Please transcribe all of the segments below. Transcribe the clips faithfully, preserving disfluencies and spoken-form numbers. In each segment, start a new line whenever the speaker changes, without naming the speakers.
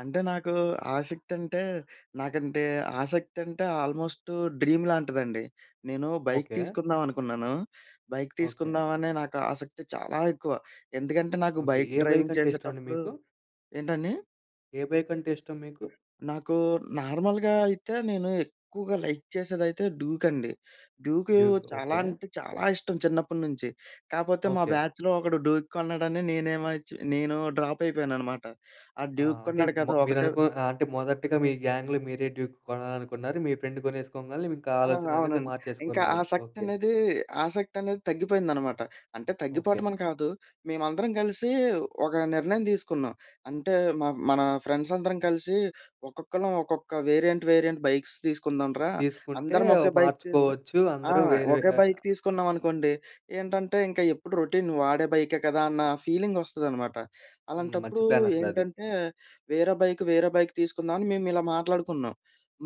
అంటే నాకు ఆసక్తంటే, నాకంటే ఆసక్తంటే, ఆల్మోస్టు డ్రీమ్ లాంటిదండి. నేను బైక్
ఓకే.
తీసుకుందామనుకున్నాను. Bike
okay.
తీసుకుందాం అనే నాకు ఆసక్తి చాలా ఎక్కువ. ఎందుకంటే, నాకు
ఓకే.
బైక్
ఏ
డ్రైవింగ్
బైకంటే ఇష్టమండి
చేసేటప్పుడు
మీకు?
ఏంటండి?
ఏ బైకంటే ఇష్టం మీకు?
నాకు నార్మల్‌గా అయితే, నేను ఎక్కువగా లైక్ చేసేదైతే డ్యూక్ అండి. Duke,
Duke.
చాలా
ఓకే.
అంటే చాలా ఇష్టం చిన్నప్పటి నుంచి. కాపోతే మా
ఓకే.
బ్యాచ్‌లో ఒకడు డ్యూక్ కొన్నాడని నేనేమోచ్చి నేను డ్రాప్ అయిపోయాను అనమాట. ఆడు
ఆ!
డ్యూక్
అంటే,
కొన్నాడు
మ
కదా ఒకటే
మీరనుకు ఆహ్, అంటే మొదటిగా మీ గ్యాంగ్‌లో మీరే డ్యూక్ కొనాలనుకున్నారు. మీ ఫ్రెండ్ కొనేసుకోంగాలే ఇంకా
ఆ!
ఆలోచన అనేది
అవునండి. ఇంకా
మార్చేసుకున్నారు. ఓకే.
ఆసక్తనేది, ఆసక్తి అనేది తగ్గిపోయిందనమాట. అంటే
ఓకే.
తగ్గిపోటమని కాదు మేమందరం గలిసి, ఒక నిర్ణయం దీసుకున్నాం అంటే, మ మన ఫ్రెండ్సందరం కలిసి ఒక్కొక్కళ్ళం ఒక్కొక్క వేరియంట్, వేరియంట్ బైక్స్ తీసుకుందాంరా
తీసుకుంటే
అందరం ఒకే బైక్ తీసు
మార్చుకోవచ్చు
ఆ!
అందరూ వేరు వే
ఒకే
ఆ
బైక్ తీసుకున్నామనుకోండి ఏంటంటే, ఇంకా ఎప్పుడు రొటీన్ వాడే బైకే కదా అన్న ఫీలింగ్ ఒస్తదనమాట.
హ్మ్. మంచి
అలాంటప్పుడు
ప్లానసల అది.
ఏంటంటే, వేరే బైక్ వేరే బైక్ తీసుకుందాం అని మేము ఇలా మాట్లాడుకున్నాం.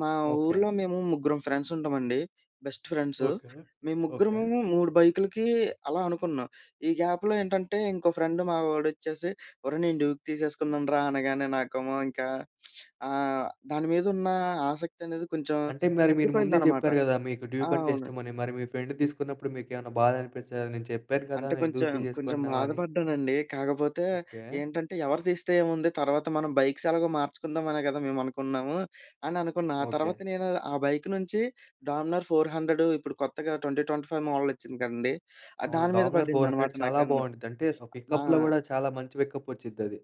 మా
ఓకే.
ఊరిలో మేము ముగ్గురం ఫ్రెండ్స్ ఉంటామండి. Best friends,
okay.
మేము
ఓకే.
ముగ్గురము, మూడు బైకులు‌కి అలా అనుకున్నాం. ఈ గ్యాప్‌లో ఏంటంటే, ఇంకో ఫ్రెండ్ మా వాడొచ్చేసి ఒరేయ్! నేను డ్యూక్ తీసేసుకున్నానురా అనగానే నాకేమో ఇంకా ఆహ్, దాని మీదున్న ఆసక్తి అనేది కొంచెం
అంటే మరి మీరు ముందే
తగ్గిపోయిందనమాట.
జెప్పారు గదా, మీకు డ్యూక్ అంటే
అవును.
ఇష్టమని, మరి మీ ఫ్రెండ్ తీసుకున్నప్పుడు మీకేమన్నా బాధ అనిపిచ్చలేదా "నేను చెప్పాను గదా!
అంటే
ఎందుకు
కొంచెం, కొంచెం
తీసేసుకున్నావని?"
బాధపడ్డానండి. కాకపోతే
ఓకే.
ఏంటంటే, ఎవరు తీస్తే ఏముంది, తర్వాత మనం బైక్స్ ఎలాగో మార్చుకుందాం అనే గదా మేము అనుకున్నాము అని అనుకున్నా. ఆ తర్వాత
ఓకే.
నేను ఆ బైక్ నుంచి డామినర్ ఫోర్ హండ్రెడు ఇప్పుడు కొత్తగా ట్వంటీ ట్వంటీ ఫైవ్ మోడలొచ్చింది కదండీ ఆహ్,
అవును.
దాని మీద
డామినర్ ఫోర్
పడిందనమాట
హండ్రెడ్
నా
చాలా
కన్ను.
బావుండిద్ది అంటే, ఆ పికప్‌లో
ఆ!
గూడా చాలా మంచి పికప్ ఒచ్చుద్దది.